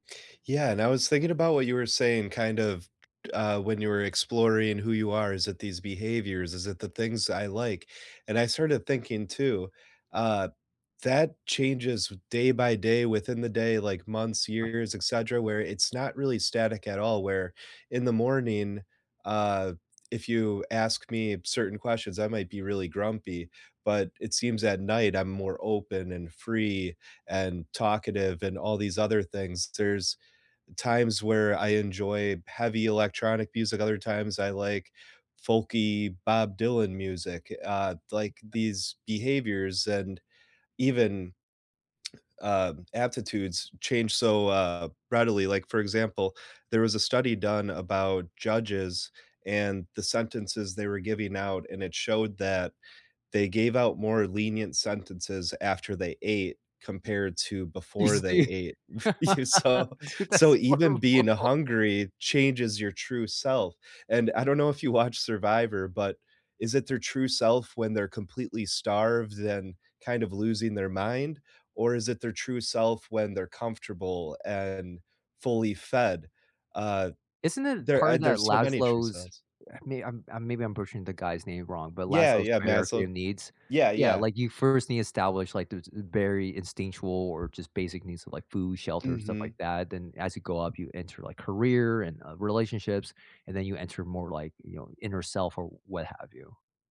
Yeah, and I was thinking about what you were saying, kind of, k uh, when you were exploring who you are, is it these behaviors? Is it the things I like? And I started thinking too, uh, that changes day by day, within the day, like, months, I years, etcetera, where it's not really static at all, where in the morning, uh, if you ask me certain questions, I might be really grumpy, but it seems at night I'm more open and free and talkative, and all these other things. There's times where I enjoy heavy electronic music, other times I like folky Bob Dylan music, uh, like, these behaviors, and even uh, aptitudes changed so, uh, readily, like, for example, there was a study done about judges and the sentences they were giving out, and it showed that they gave out more lenient sentences after they ate, compared to before He's they du ate. dude, So so that's even horrible. being a hungry changes your true self, and I don't know if you watch Survivor, but is it their true self when they're completely starved and kind of losing their mind? Or is it their true self when they're comfortable and fully fed? Uh, Isn't it there part uh, of that there's so many true Laszlo's selves. I mean, I'm I'm maybe I'm pushing the guy's name wrong, but Yeah, Laszlo's yeah, hierarchy Maslow. of needs. Yeah, Yeah, yeah. like you first need to establish, like, those, uh, berry instinctual or just basic needs of like food, shelter and stuff Mhm. like that, then as you go up you enter, like, career and, uh, relationships, and then you enter more, like, you know, inner self or what have you.